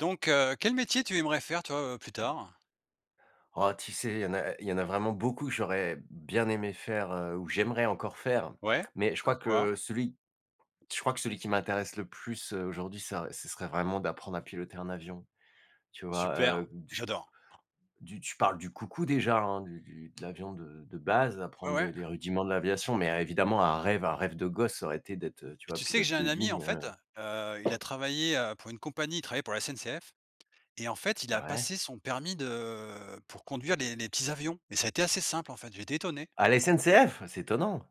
Donc heu, quel métier tu aimerais faire toi, heu, plus tard? Ah tu sais, il y en a e il y en a vraiment beaucoup que j'aurais bien aimé faire, heu, ou j'aimerais encore faire, Ouais mais je crois comme quoi? que celui je crois que celui qui m'intéresse le plus, heu, aujourd'hui sa re ça ce serait vraiment d'apprendre à piloter un avion. Tu vois, Super, heu, d ch j'adore. du tu parles du coucou déjà hein du du de l'avion de de base, Ouais, apprendre ouais. les les rudiments de l'aviation, mais a évidemment un rêve un rêve de gosse aurait été d'être, heu, tu Mais vois, tu sais que pilote j'ai de un ami en ligne, fait, heu, heu il a travaillé, heu, pour une compagnie, il travaillait pour la SNCF et en fait il a Ouais. passé son permis de pour conduire les les petits avions et ça a été assez simple en fait, j'étais étonné. À la SNCF? C'est étonnant.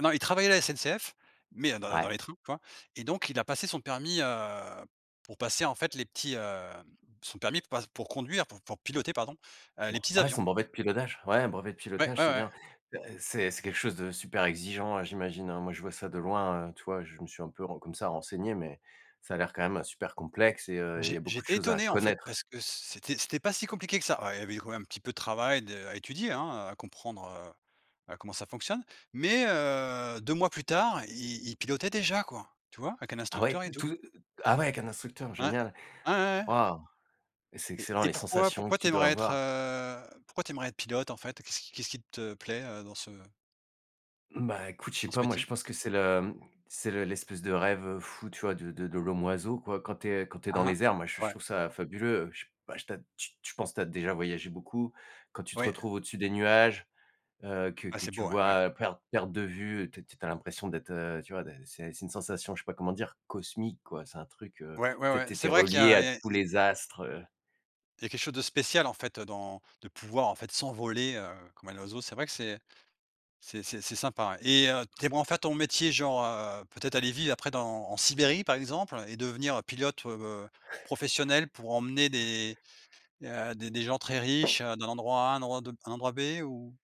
Non il travaillait à la SNCF mais heu, dans les dans Ouais. les train, tu vois? Et donc il a passé son permis, heu, pour passer en fait les petits, hem, son permis pas pour conduire pour pour piloter pardon, heu, les petits Ouais, avions. son brevet de pilotage, ouais, un brevet de Ouais, pilotage, ouais, c'est ouais. bien. Heu, c'est c'est quelque chose de super exigeant, heu, j'imagine hein. Moi je vois ça de loin, heu, tu vois, je me suis un peu re comme ça renseigné, mais ça a l'air quand même super complexe et heu, il y J'é a beaucoup de j'étais choses à étonné en fait connaître. parce que c'était c'était pas si compliqué que ça. Alors il y avait quand même un petit peu de travail de à étudier hein, heu, à comprendre, heu, bah comment ça fonctionne mais heu, 2 mois plus tard, i il pilotait déjà quoi, tu vois? Avec un Ah ouais instructeur et d tout. tout de ah ouais avec un instructeur Ouais, génial. ouais, ouais, ouais. Waouh! Et c'est Et excellent, et les pourquoi sensations que pourquoi tu tu dois aimerais être, avoir. heu, pourquoi tu aimerais être pilote en fait? Qu'est-ce qui qu'est-ce qui te plaît, heu, dans ce Bah écoute, je sais dans ce pas moi, je métier? pense que c'est le, mmh, c'est le l'espèce de rêve fou tu vois de de de l'homme oiseau quoi. Quand tu es quand tu es Ah dans hein. les airs, moi j je Ouais. trouve ça fabuleux, heu, bah j tu as d tu tu je penses tu as déjà voyagé beaucoup, quand tu te Oui. retrouves au-dessus des nuages, heu, que Ah que c'est tu beau, ouais. vois Ouais. à per perte de vue, tu es tu sais, tu as l'impression d'être, heu, tu vois de c'est c'est une sensation, je sais pas comment dire cosmique quoi. C'est un truc, heu, Ouais, ouais, tu sais, ouais tu es tu c'est es vrai qu'il y relié a à et tous et les astres, heu il y a quelque chose de spécial en fait, heu, dans de pouvoir en fait s'envoler, heu, comme un oiseau. C'est vrai que c'est c'est c'est c'est sympa hein et heu, tu aimerais en faire ton métier genre, heu, peut-être aller vivre après dans en Sibérie par exemple et devenir pilote, heu, professionnel pour emmener des, heu, des des gens très riches, heu, d'un endroit A à un endroit de b un endroit B ou?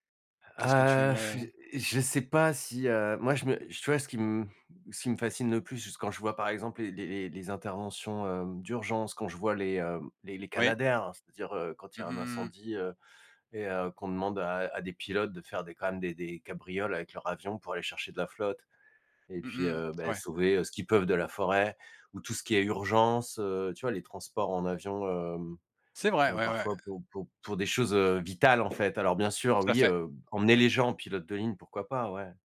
Qu'est-ce que tu Ah aimerais, heu je sais pas si, heu, moi je me tu vois ce qui m ce qui me fascine le plus, juste, quand je vois par exemple les les les les interventions, hem, d'urgence, quand je vois les, heu, les les Oui. Canadair, c'est-à-dire, heu, quand il y Mmh a mh, un mmh mh. incendie, heu et heu, qu'on demande à à des pilotes de faire des quand même des des cabrioles avec leur avion pour aller chercher de la flotte et Mmh puis, mh, heu, bah ouais. sauver, heu, ce qu'ils peuvent de la forêt ou tout ce qui est urgence. Heu, tu vois les transports en avion, hem, C'est vrai heu, ouais, ouais. parfois pour pour pour des choses, heu, vitales en fait. Alors bien sûr Tout à oui, fait. heu, emmener les gens en pilote de ligne, pourquoi pas ouais.